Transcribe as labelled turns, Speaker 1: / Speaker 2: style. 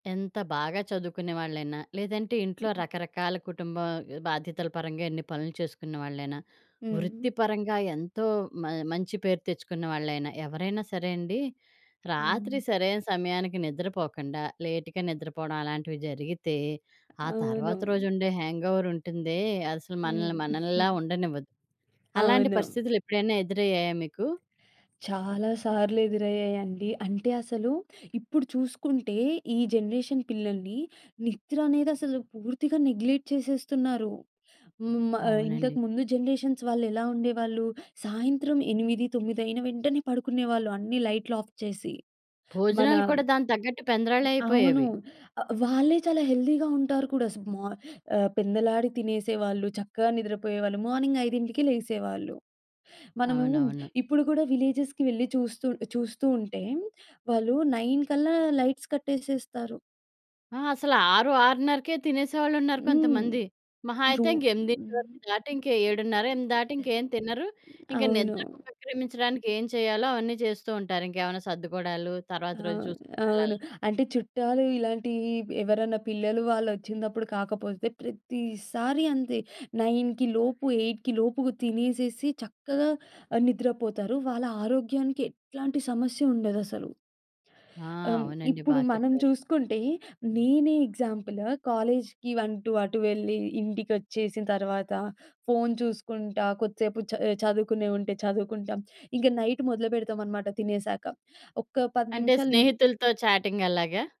Speaker 1: ఎంత బాగా చదువుకునే వాళ్ళైనా, లేదంటే ఇంట్లో రకరకాల కుటుంబం బాధ్యతల పరంగా ఎన్ని పనులు చేసుకునే వాళ్ళైనా,
Speaker 2: హ్మ్.
Speaker 1: వృత్తి పరంగా ఎంతో మ మంచి పేరు తెచ్చుకున్న వాళ్ళైనా, ఎవరైనా సరే అండి. రాత్రి
Speaker 2: హ్మ్.
Speaker 1: సరైన సమయానికి నిద్రపోకుండా, లేట్‌గా నిద్రపోవడం అలాంటివి జరిగితే, ఆ
Speaker 2: అవును.
Speaker 1: తర్వాత రోజు ఉండే హ్యాంగోవర్ ఉంటుందే, అసలు మనల్ని
Speaker 2: హ్మ్.
Speaker 1: మనల్లా ఉండనివ్వదు. అలాంటి
Speaker 2: అవును.
Speaker 1: పరిస్థితులు ఎప్పుడైనా ఎదురయ్యాయా మీకు?
Speaker 2: చాలా సార్లు ఎదురయ్యాయండి. అంటే అసలు ఇప్పుడు చూసుకుంటే, ఈ జనరేషన్ పిల్లల్ని, నిద్రనేది అసలు పూర్తిగా నెగ్లెక్ట్ చేసేస్తున్నారు. హ్మ్. మా ఇంతకు
Speaker 1: అవునండి.
Speaker 2: ముందు జనరేషన్స్ వాళ్లెలా ఉండేవాళ్ళు. సాయంత్రం 8, తోమిదైన వెంటనే పడుకునేవాళ్ళు అన్నీ లైటులు ఆఫ్ చేసి. మన
Speaker 1: భోజనాలు కూడా దానికి తగ్గట్టు
Speaker 2: అవును.
Speaker 1: పెంద్రాలైపోయేవి.
Speaker 2: ఆహ్, వాళ్ళే చాలా హెల్తీ‌గా ఉంటారు కూడా. స్ మ ఆహ్, పెందలాడి తినేసేవాళ్ళు, చక్కగా నిద్రపోయేవాళ్ళు. మార్నింగ్ 5కి లేసేవాళ్ళు. మనము
Speaker 1: అవునవును.
Speaker 2: ఇప్పుడు కూడా విలేజెస్‌కి వెళ్ళి చూస్తూ చూస్తూ ఉంటే, వాళ్ళు 9 కల్లా లైట్స్ కట్టేసేస్తారు.
Speaker 1: ఆ! అసలు 6, 6:30కే తినేసేవాళ్లున్నారు
Speaker 2: హ్మ్.
Speaker 1: కొంతమంది. మహా
Speaker 2: రూ
Speaker 1: అయితే ఇంక 8
Speaker 2: హ్మ్.
Speaker 1: వరకు. దాటి ఇంక 7:30, 8 దాటి ఇంకేం తినరు. ఇంక
Speaker 2: అవును.
Speaker 1: నిద్రకు ఉపక్రమించడానికి ఏం చెయ్యాలో అవన్నీ చేస్తూ ఉంటారు. ఇంకేమన్నా సర్దుకోవడాలు, తరువాత
Speaker 2: ఆ!
Speaker 1: రోజు చూసుకోడాలు అలా.
Speaker 2: అవును. అంటే చుట్టాలు ఇలాంటి ఎవరన్నా పిల్లలు వాళ్లొచ్చినపుడు కాకపోతే ప్రతిసారి అంతే 9కి లోపు, 8కి లోపు తినేసేసి, చక్కగా ఆహ్, నిద్రపోతారు. వాళ్ళ ఆరోగ్యానికి ఎట్లాంటి సమస్య ఉండదసలు.
Speaker 1: ఆ!
Speaker 2: ఆహ్, హ్మ్,
Speaker 1: అవునండి.
Speaker 2: ఇప్పుడు
Speaker 1: బాగా
Speaker 2: మనం
Speaker 1: చెప్పారు.
Speaker 2: చూసుకుంటే నేనే ఎగ్జాంపుల్. కాలేజికి అంటూ అటు వెళ్ళి, ఇంటికొచ్చేసిన తరువాత ఫోను చూసుకుంటా, కొద్దిసేపు చద్ చదువుకునే ఉంటే చదువుకుంటాం. ఇంకా నైట్ మొదలుపెడతామనమాట తినేసాక. ఒక 10
Speaker 1: అంటే
Speaker 2: నిమిషాలు హ్మ్.
Speaker 1: స్నేహితులతో చాటింగ్ అలాగా?